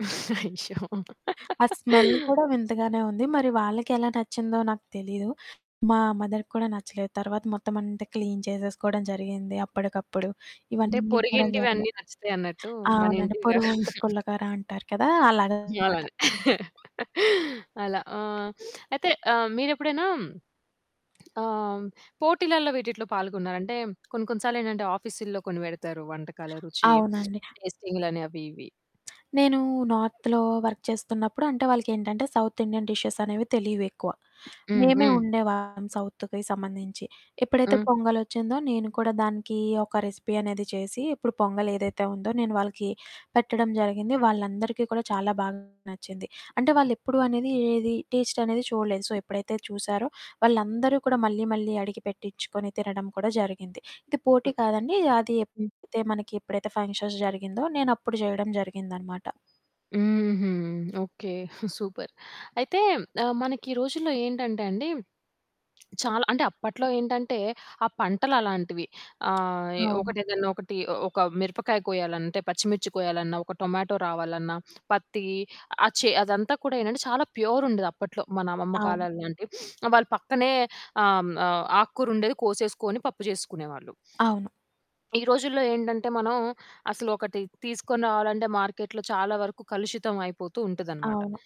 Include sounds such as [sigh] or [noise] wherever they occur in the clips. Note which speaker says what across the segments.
Speaker 1: అయ్యో!
Speaker 2: ఆ స్మెల్
Speaker 1: [laughs]
Speaker 2: కూడా వింతగానే ఉంది. మరి వాళ్ళకెలా నచ్చిందో నాకు తెలీదు. మా మదర్‌కి కూడా నచ్చలేదు. తర్వాత మొత్తమంతా క్లీన్ చేసేసుకోడం జరిగింది అప్పడికప్పుడు.
Speaker 1: అంటే,
Speaker 2: ఇవన్నీ కూడా జరిగాయి.
Speaker 1: పొరిగింటివన్నీ నచ్చుతయన్నట్టూ. మన
Speaker 2: అవునండి.
Speaker 1: ఇంటివి గాదు.
Speaker 2: పొరుగుంటి
Speaker 1: [chuckles]
Speaker 2: పుల్లకర అంటారు కదా!
Speaker 1: మేము
Speaker 2: అలాగనమాట.
Speaker 1: అలానే. [chuckles] అలా. ఆ! అయితే, ఆహ్, మీరెప్పుడైనా ఆహ్, పోటీలల్లో వీటిట్లో పాల్గొన్నారా? అంటే, కొన్ని కొన్ని సార్లేంటంటే, ఆఫీసుల్లో కొన్ని వెడతారు, వంటకాల రుచి, [sniffs]
Speaker 2: అవునండి.
Speaker 1: టేస్టింగ్‌లని అవి ఇవి.
Speaker 2: నేనూ నార్త్‌లో వర్క్ చేస్తున్నప్పుడు అంటే, వాళ్ళకేంటంటే సౌత్ ఇండియన్ డిషెస్సనేవి తెలీవెక్కువ.
Speaker 1: హ్మ్.
Speaker 2: మేమే
Speaker 1: హ్మ్.
Speaker 2: ఒండేవాళ్ళం సౌత్‌వి సంబంధించి. ఎప్పుడైతే
Speaker 1: హ్మ్.
Speaker 2: పొంగలొచ్చిందో, నేను కూడా దానికీ ఒక రెసిపీ అనేది చేసి, ఇప్పుడు పొంగలేదైతే ఉందో, నేను వాళ్ళకి పెట్టడం జరిగింది. వాళ్ళందరికీ కూడా చాలా బాగా నచ్చింది. అంటే, వాళ్ళెప్పుడూ అనేది, ఏది టేస్టనేది చూడలేదు. సో, ఎప్పుడైతే చూశారో, వాళ్ళందరూ కూడా మళ్ళీ మళ్ళీ అడిగి పెట్టిచ్చుకొని తినడం కూడా జరిగింది. ఇది పోటీ
Speaker 1: హ్మ్.
Speaker 2: కాదండి, అది
Speaker 1: హ్మ్.
Speaker 2: ఎప్పుడైతే మనకి ఎప్పుడైతే ఫంక్షన్స్ జరిగిందో నేనప్పుడు జేయడం జరిగిందనమాట.
Speaker 1: హుహు. ఓకే. సూపర్. అయితే, ఆహ్, మనకి ఈ రోజుల్లో ఏంటంటే అండి, చాలా అంటే, అప్పట్లో ఏంటంటే ఆ పంటలలాంటివి. ఆహ్, ఎ
Speaker 2: అవును.
Speaker 1: ఒకటేదన్నా ఒకటి, ఒక మిరపకాయ కోయాలంటే పచ్చిమిర్చి కోయాలన్నా, ఒక టొమాటో రావాలన్నా, పత్తీ ఆ చే అదంతా కూడా ఏంటంటే, చాలా ప్యూరుండేదప్పట్లో, మన అమ్మమ్మ
Speaker 2: అవును.
Speaker 1: కాలాల లాంటి. [sniffs] ఆహ్, వాళ్ళు పక్కనే ఆహ్, హ్మ్, ఆహ్, ఆకుకూరుండేది కోసేసుకోని పప్పు జేసేసుకునేవాళ్ళు.
Speaker 2: అవును.
Speaker 1: ఈ రోజుల్లో ఏంటంటే, మనం అసలు ఒకటి తీసుకొని రావాలంటే మార్కెట్‌లో చాలా వరకు కలుషితం అయిపోతూ ఉంటదనమాట.
Speaker 2: అవును.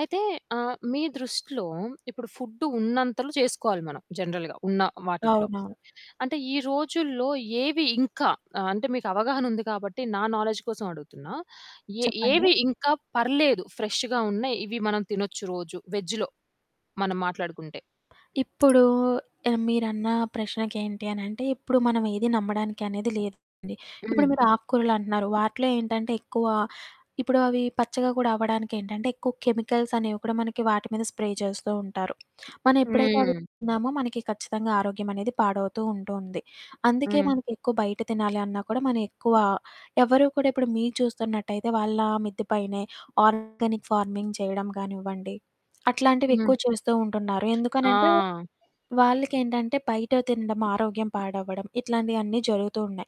Speaker 1: అయితే, ఆహ్, మీ దృష్టిలో ఇప్పుడు ఫుడ్డు ఉన్నంతలొ చేసుకోవాలి మనం జనరల్‌గా ఉన్న వాటిటిలో.
Speaker 2: అవునవును.
Speaker 1: అంటే, ఈ రోజుల్లో ఏవి ఇంకా ఆహ్, అంటే మీకు అవగాహనుంది కాబట్టి నా నాలెడ్జ్ కోసమడుగుతున్నా. ఎ
Speaker 2: చెప్పండి.
Speaker 1: ఏవి ఇంకా పర్లేదు ఫ్రెష్ష్‌గా ఉన్నాయి, ఇవి మనం తినొచ్చు రోజు వెజ్‌లో మనం మాట్లాడుకుంటే?
Speaker 2: ఇప్పుడూ ఆహ్, మీరన్నా ప్రశ్నకేంటి అనంటే, ఇప్పుడు మనవేది నమ్మడానికనేది లేదండి. ఇప్పుడు
Speaker 1: హ్మ్.
Speaker 2: మీరు ఆకుకూరలంటన్నారు. వాటిలో ఏంటంటే, ఎక్కువా ఇప్పుడు అవి పచ్చగా గూడా అవ్వడానికేంటంటే, ఎక్కువ కెమికల్సనేవి కూడా మనకి వాటి మీద స్ప్రే చేస్తూ ఉంటారు. మనవెప్పుడైతే అవి
Speaker 1: హ్మ్.
Speaker 2: తిన్నామో, మనకి ఖచ్చితంగా ఆరోగ్యమనేది పాడవుతూ ఉంటూ ఉంది. అందుకే
Speaker 1: హ్మ్.
Speaker 2: మనకెక్కువ బయట తినాలి అన్నా కూడా మనం ఎక్కువ ఎవ్వరూ కూడా ఇప్పుడు మీరు చూస్తున్నట్టయితే వాళ్ళ మిద్దె పైనే ఆర్గానిక్ ఫార్మింగ్ చేయడం గానివ్వండి,
Speaker 1: హ్మ్.
Speaker 2: అట్లాంటివెక్కువ చూస్తూ ఉంటున్నారు.
Speaker 1: ఆ!
Speaker 2: ఎందుకనంటే, వాళ్ళకేంటంటే, బయట తినడం, ఆరోగ్యం పాడవ్వడం, ఇట్లాంటియన్నీ జరుగుతూ ఉన్నాయి.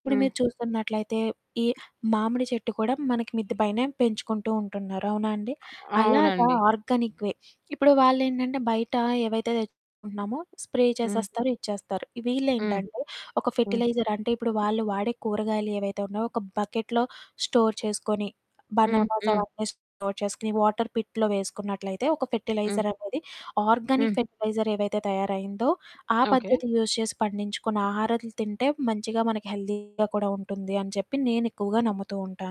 Speaker 2: ఇప్పుడు
Speaker 1: హ్మ్.
Speaker 2: మీరు చూస్తున్నట్లయితే ఈ మామిడి చెట్టు కూడా మనకి మిద్ది పైనే పెంచుకుంటూ ఉంటున్నారు, అవునా అండి! అలాగా
Speaker 1: అవునండి.
Speaker 2: Organic way. ఇప్పుడు వాళ్ళేంటంటే, బయటా ఏవైతే తెచ్చుకుంటున్నామో స్ప్రే
Speaker 1: హ్మ్.
Speaker 2: చేసేస్తారు, ఇచ్చేస్తారు.
Speaker 1: హ్మ్.
Speaker 2: వీళ్ళేంటంటే, ఒక
Speaker 1: హ్మ్.
Speaker 2: ఫెర్టిలైజర్ అంటే, ఇప్పుడు వాళ్ళు వాడే కూరగాయలు ఏవైతే ఉన్నయో, ఒక బకెట్‌లో స్టోర్ చేసుకొని,
Speaker 1: హ్మ్.
Speaker 2: బనానాస్
Speaker 1: హ్మ్.
Speaker 2: అవన్నీ స్టోర్ చేసుకొని, వాటర్ పిట్‌లో వేసుకున్నట్లయితే ఒక
Speaker 1: హ్మ్.
Speaker 2: ఫెర్టిలైజరనేది, ఆర్గానిక్
Speaker 1: హ్మ్.
Speaker 2: ఫెర్టిలైజర్ ఏవైతే తయారయిందో, ఆ
Speaker 1: ఓకే.
Speaker 2: పద్ధతి యూజ్ చేసి పండించుకున్న ఆహారాలు తింటే మంచిగా మనకి హెల్దీగా కూడా ఉంటుంది అని చెప్పి నేనెక్కువగా నమ్ముతూ ఉంటాను.